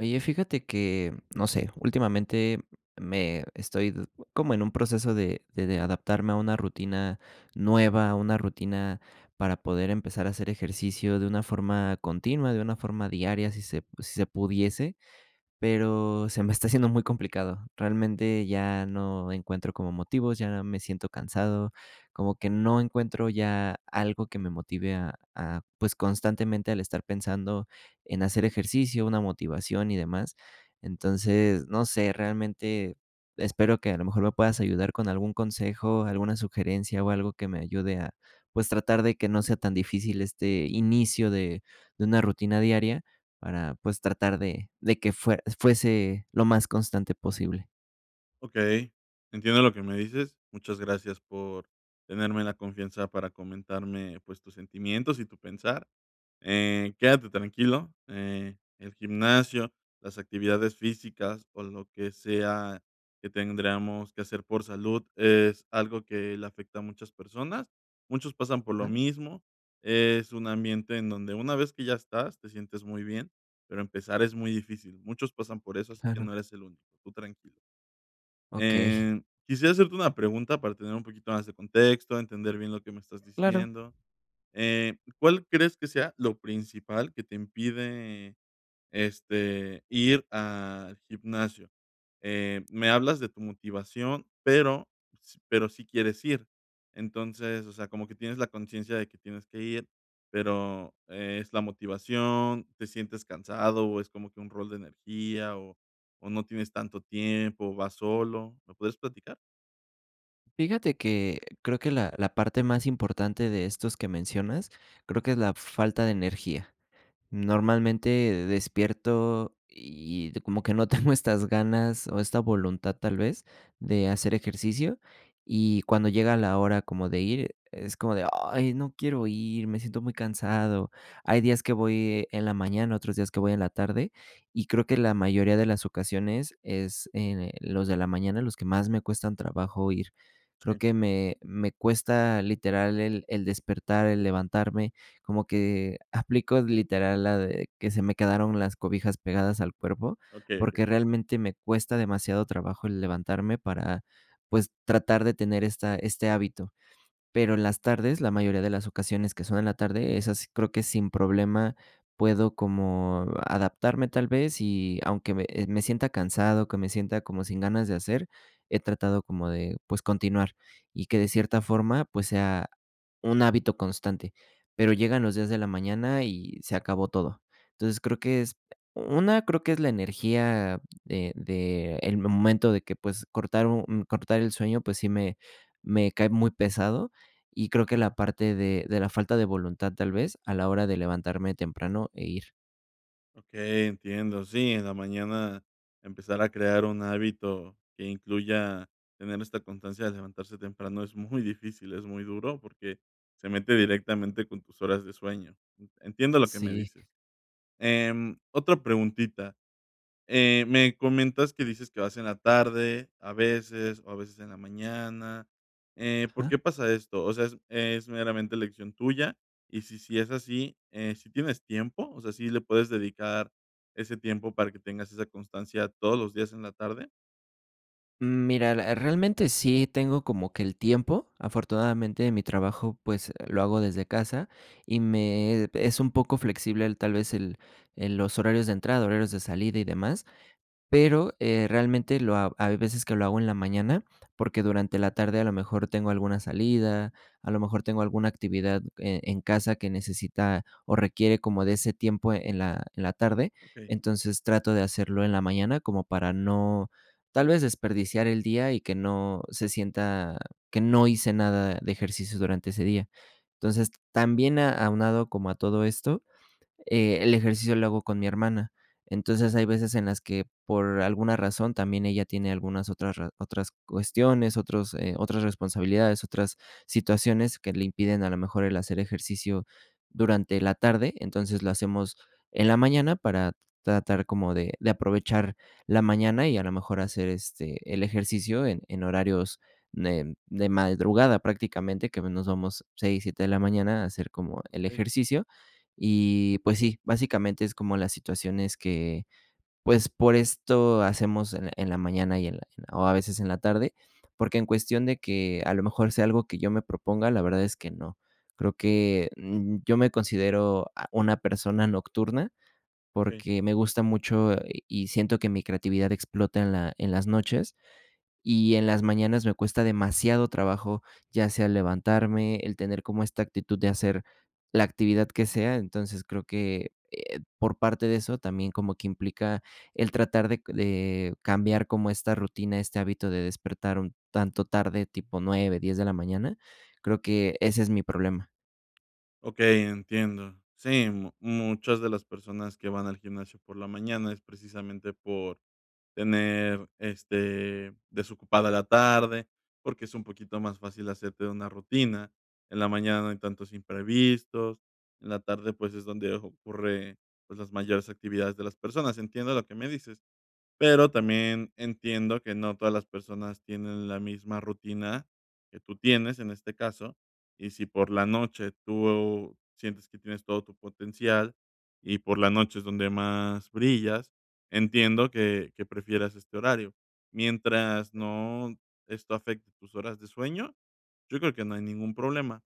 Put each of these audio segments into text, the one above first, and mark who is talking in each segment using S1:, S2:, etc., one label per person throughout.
S1: Oye, fíjate que, no sé, últimamente me estoy como en un proceso de de adaptarme a una rutina nueva, a una rutina para poder empezar a hacer ejercicio de una forma continua, de una forma diaria, si se si se pudiese, pero se me está haciendo muy complicado. Realmente, ya no encuentro como motivos, ya me siento cansado, como que no encuentro ya algo que me motive a a, pues, constantemente el estar pensando en hacer ejercicio, una motivación y demás. Entonces, no sé, realmente espero que a lo mejor me puedas ayudar con algún consejo, alguna sugerencia, o algo que me ayude a, pues, tratar de que no sea tan difícil este inicio de de una rutina diaria para, pues, tratar de de que fuer fuese lo más constante posible.
S2: Okey, entiendo lo que me dices. Muchas gracias por tenerme la confianza para comentarme, pues, tus sentimientos y tu pensar, eh, quédate tranquilo. Eh, el gimnasio, las actividades físicas o lo que sea que tendríamos que hacer por salud, es algo que le afecta a muchas personas. Muchos pasan por lo
S1: A
S2: mismo. Es un ambiente en donde una vez que ya estás, te sientes muy bien, pero empezar es muy difícil. Muchos pasan por eso, así que
S1: Claro.
S2: no eres el único. Tú tranquilo.
S1: Okey.
S2: Eh, quisiera hacerte una pregunta para tener un poquito más de contexto, entender bien lo que me estás
S1: Claro.
S2: diciendo. Eh, ¿cuál crees que sea lo principal que te impide, este, ir al gimnasio? Eh, me hablas de tu motivación, pero s pero sí quieres ir. Entonces, o sea, como que tienes la conciencia de que tienes que ir, pero, ¿es la motivación, te sientes cansado, es como que un rol de energía o o no tienes tanto tiempo, vas solo? ¿Puedes platicar?
S1: Fíjate que creo que la la parte más importante de estos que mencionas creo que es la f falta de energía. Normalmente despierto y y como que no tengo estas ganas o esta voluntad, tal vez, de hacer ejercicio y cuando llega la hora como de ir, es como de: ''Ay, no quiero ir, me siento muy cansado''. Hay días que voy en la mañana, otros días que voy en la tarde y creo que la mayoría de las ocasiones es en en, los de la mañana los que más me cuestan trabajo ir. Creo
S2: Sí.
S1: que me me cuesta literal el el despertar, el levantarme, como que aplico literal la de que ''se me quedaron las cobijas pegadas al cuerpo",
S2: Okey, okey.
S1: porque realmente me cuesta demasiado trabajo el levantarme para, pues, tratar de tener esta este hábito. Pero en las tardes, la mayoría de las ocasiones que son en la tarde, esas creo que sin problema puedo como adaptarme, tal vez, y aunque me me sienta cansado, que me sienta como sin ganas de hacer, he tratado como de, pues, continuar y que de cierta forma, pues, sea un hábito constante. Pero llegan los días de la mañana y se acabó todo. Entonces, creo que es, 1, creo que es la energía, eh, de el momento de que, pues, cortar un un cortar el sueño, pues sí me me cae muy pesado y creo que la parte de de la falta de voluntad, tal vez, a la hora de levantarme temprano e ir.
S2: Okey, entiendo, sí, en la mañana empezar a crear un hábito que incluya tener esta constancia de levantarse temprano es muy difícil, es muy duro, porque se mete directamente con tus horas de sueño, entiendo lo que me
S1: Sí.
S2: dices. Em, otra preguntita, eh, me comentas que dices que vas en la tarde, a veces, o a veces en la mañana, eh, ¿por
S1: Ajá.
S2: qué pasa esto? O sea, es es meramente elección tuya, y si sí es así, si tienes tiempo, o sea, ¿sí le puedes dedicar ese tiempo para que tengas esa constancia todos los días en la tarde?
S1: Mm, mira, eh, realmente sí tengo como que el tiempo, afortunadamente, mi trabajo, pues, lo hago desde casa y me es un poco flexible el, tal vez, el el los horarios de entrada, horarios de salida y demás, pero, eh, realmente lo ha hay veces que lo hago en la mañana, porque durante la tarde a lo mejor tengo alguna salida, a lo mejor tengo alguna actividad, eh, en casa que necesita o requiere como de ese tiempo en la en la tarde,
S2: Okey.
S1: entonces, trato de hacerlo en la mañana como para no, tal vez, desperdiciar el día y que no se sienta que no hice nada de ejercicio durante ese día, entonces, también a aunado como a todo esto, eh, el ejercicio lo hago con mi hermana, entonces, hay veces en las que, por alguna razón, también ella tiene algunas otras razo otras cuestiones, otros, eh, otras responsabilidades, otras situaciones que le impiden a lo mejor el hacer ejercicio durante la tarde, entonces lo hacemos en la mañana para tratar como de de aprovechar la mañana y a lo mejor hacer, este, el ejercicio en en horarios de de madrugada prácticamente, que a menos vamos 6 7 de la mañana a hacer como el
S2: Okey.
S1: ejercicio, y, pues sí, básicamente es como las situaciones que, pues, por esto hacemos en en la mañana y en la en la o a veces en la tarde, porque en cuestión de que a lo mejor sea algo que yo me proponga, la verdad es que no, creo que, um, yo me considero, ah, una persona nocturna porque me gusta mucho, y y siento que mi creatividad explota en la en las noches y en las mañanas me cuesta demasiado trabajo, ya sea el levantarme, el tener como esta actitud de hacer la actividad que sea, entonces, creo que, eh, por parte de eso, también como que implica el tratar de de cambiar como esta rutina, este hábito de despertar un tanto tarde, tipo 9 10 de la mañana, creo que ese es mi problema.
S2: Okey, entiendo. Sí, mu muchas de las personas que van al gimnasio por la mañana es precisamente por tener, este, desocupada la tarde, porque es un poquito más fácil hacerte una rutina, en la mañana no hay tantos imprevistos, en la tarde, pues, es donde ocurre, pues, las mayores actividades de las personas. Entiendo lo que me dices, pero también entiendo que no todas las personas tienen la misma rutina que tú tienes en este caso, y si por la noche tú sientes que tienes todo tu potencial y por la noche es donde más brillas, entiendo que que prefieras este horario, mientras, no, esto afecte tus horas de sueño, yo creo que no hay ningún problema.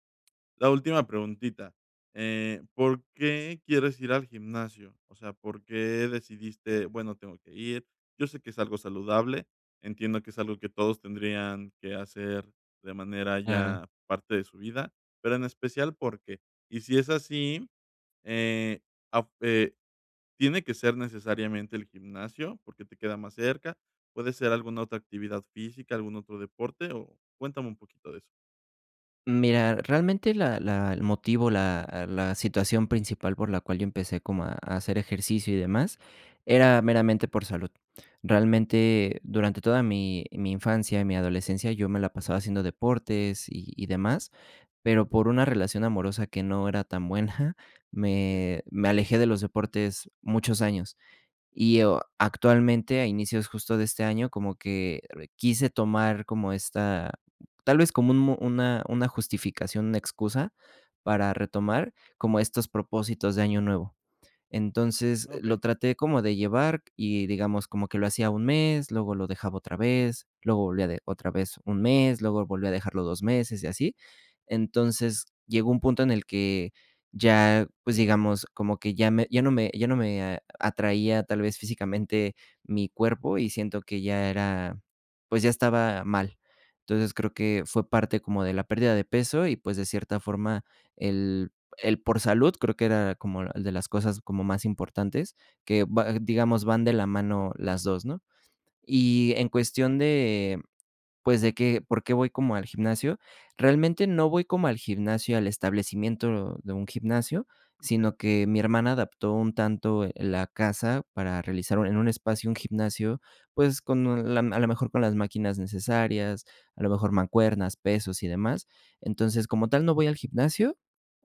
S2: La última preguntita, eh, ¿por qué quieres ir al gimnasio? O sea, ¿por qué decidiste: "Bueno, tengo que ir"? Yo sé que es algo saludable, entiendo que es algo que todos tendrían que hacer de manera
S1: Claro.
S2: ya parte de su vida, pero en especial ¿por qué? Y si es así, eh, afu eh, ¿tiene que ser necesariamente el gimnasio?, porque te queda más cerca, ¿puede ser alguna otra actividad física, algún otro deporte? O cuéntame un poquito de eso.
S1: Mira, realmente la la el motivo, la la situación principal por la cual yo empecé como a a hacer ejercicio y demás, era meramente por salud. Realmente, durante toda mi mi infancia y mi adolescencia, yo me la pasaba haciendo deportes y y demás, pero por una relación amorosa que no era tan buena,
S2: Hey.
S1: me me alejé de los deportes muchos años, y o actualmente, a inicios justo de este año, como que re quise tomar como esta, tal vez como un una una justificación, una excusa para retomar, como estos propósitos de año nuevo, entonces, lo
S2: Okey.
S1: traté como de llevar y, digamos, como que lo hacía un mes, luego lo dejaba otra vez, luego volvía de otra vez un mes, luego volvió a dejarlo 2 meses y así, entonces, llegó un punto en el que ya, pues, digamos, como que ya me ya no me ya no me atraía, tal vez, físicamente mi cuerpo y siento que ya era, pues ya estaba mal, entonces creo que, fue parte como de la pérdida de peso y, pues, de cierta forma, el el por salud, creo que era como de las cosas como más importantes, que va, digamos, van de la mano las 2, ¿no? Y en cuestión de, pues, de que, ¿por qué voy como al gimnasio?, realmente no voy como al gimnasio, al establecimiento de un gimnasio,
S2: Okey.
S1: sino que mi hermana adaptó un tanto, eh, la casa para realizar, en un espacio un gimnasio, pues con la a lo mejor con las máquinas necesarias, a lo mejor mancuernas, pesos y demás, entonces, como tal, no voy al gimnasio,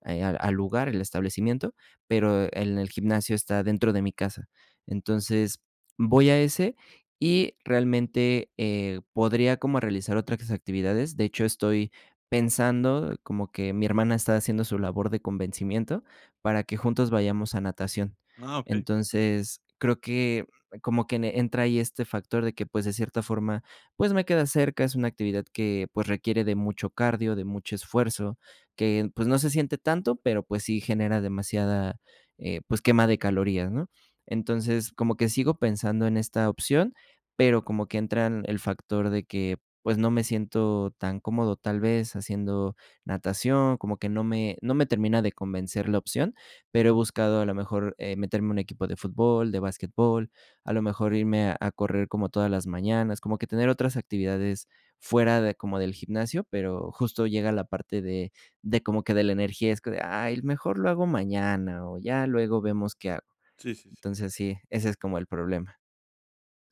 S1: eh, al al lugar, el establecimiento, pero en el gimnasio está dentro de mi casa, entonces, voy a ese y realmente, eh, podría como realizar otras actividades, de hecho, estoy pensando, como que mi hermana está haciendo su labor de convencimiento, para que juntos vayamos a natación,
S2: Ah, okey.
S1: entonces, creo que como que en entra ahí este factor de que, pues, de cierta forma, pues me queda cerca, es una actividad que, pues requiere de mucho cardio, de mucho esfuerzo, que, pues no se siente tanto, pero, pues sí genera demasiada, eh, pues quema de calorías, ¿no?, entonces, como que sigo pensando en esta opción, pero como que entran el factor de que, pues, no me siento tan cómodo tal vez haciendo natación, como que no me no me termina de convencer la opción, pero he buscado a lo mejor, eh, meterme a un equipo de fútbol, de basquetbol, a lo mejor irme a correr como todas las mañanas, como que tener otras actividades fuera de como del gimnasio, pero justo llega la parte de de como que de la energía, es como de: "Ay, mejor lo hago mañana o ya luego vemos qué hago",
S2: Sí, sí, sí.
S1: entonces, sí, ese es como el problema.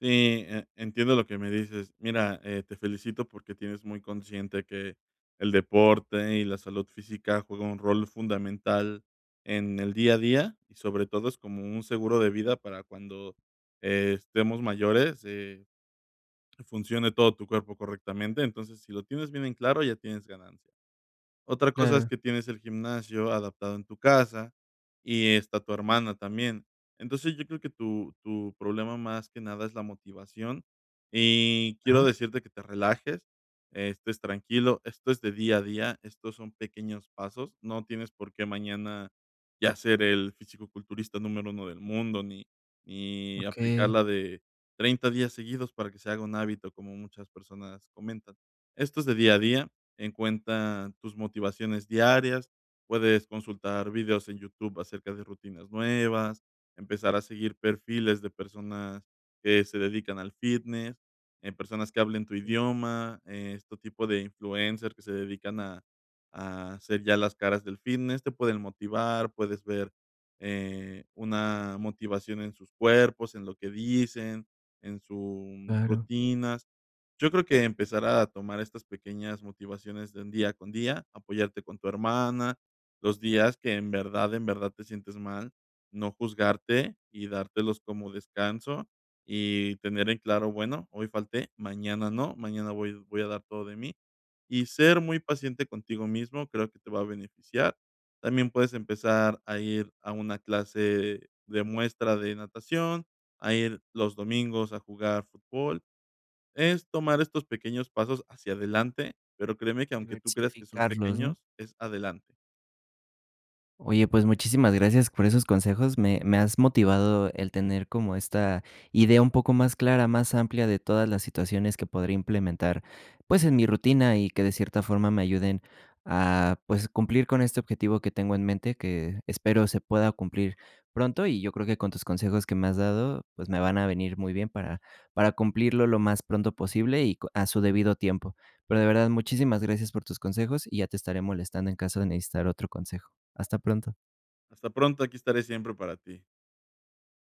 S2: Sí, e entiendo lo que me dices, mira, eh, te felicito porque tienes muy consciente que el deporte y la salud física juega un rol fundamental en el día a día, y sobre todo es como un seguro de vida para cuando estemos mayores, eh, funcione todo tu cuerpo correctamente, entonces, si lo tienes bien en claro, ya tienes ganancia, otra cosa es
S1: Claro.
S2: que tienes el gimnasio adaptado en tu casa y está tu hermana también, entonces, yo creo que tu tu problema más que nada es la motivación y quiero
S1: Ajá.
S2: decirte que te relajes, estés tranquilo, esto es de día a día, estos son pequeños pasos, no tienes por qué mañana ya ser el fisicoculturista número 1 del mundo, ni ni aplicar
S1: Okey.
S2: la de 30 días seguidos para que se haga un hábito, como muchas personas comentan, esto es de día a día, en cuenta tus motivaciones diarias, puedes consultar videos en YouTube acerca de rutinas nuevas, empezar a seguir perfiles de personas que se dedican al fitness, eh, personas que hablen tu
S1: Ujú.
S2: idioma, este tipo de influencers que se dedican a a ser ya las caras del fitness, te pueden motivar, puedes ver, eh, una motivación en sus cuerpos, en lo que dicen, en su
S1: Claro.
S2: rutinas. Yo creo que empezar a tomar estas pequeñas motivaciones de un día con día, apoyarte con tu hermana, los días que en verdad, en verdad te sientes mal, no juzgarte y dártelos como descanso y tener en claro: "Bueno, hoy falté, mañana no, mañana voy voy a dar todo de mí", y ser muy
S1: Sí.
S2: paciente contigo mismo, creo que te va a beneficiar, también puedes empezar a ir a una clase de muestra de natación, a ir los domingos a jugar fútbol. Es tomar estos pequeños pasos hacia adelante, pero créeme que aunque tú creas que son
S1: Diversificarlos, ¿no?
S2: pequeños, es adelante.
S1: Oye, pues muchísimas gracias por esos consejos, me me has motivado el tener como esta idea un poco más clara, más amplia de todas las situaciones que podría implementar, pues en mi rutina y que de cierta forma me ayuden a, pues, cumplir con este objetivo que tengo en mente, que espero se pueda cumplir pronto y yo creo que con tus consejos que me has dado, pues, me van a venir muy bien para para cumplirlo lo más pronto posible y con a su debido tiempo, pero, de verdad, muchísimas gracias por tus consejos y ya te estaré molestando en caso de necesitar otro consejo, hasta pronto.
S2: Hasta pronto, aquí estaré siempre para ti.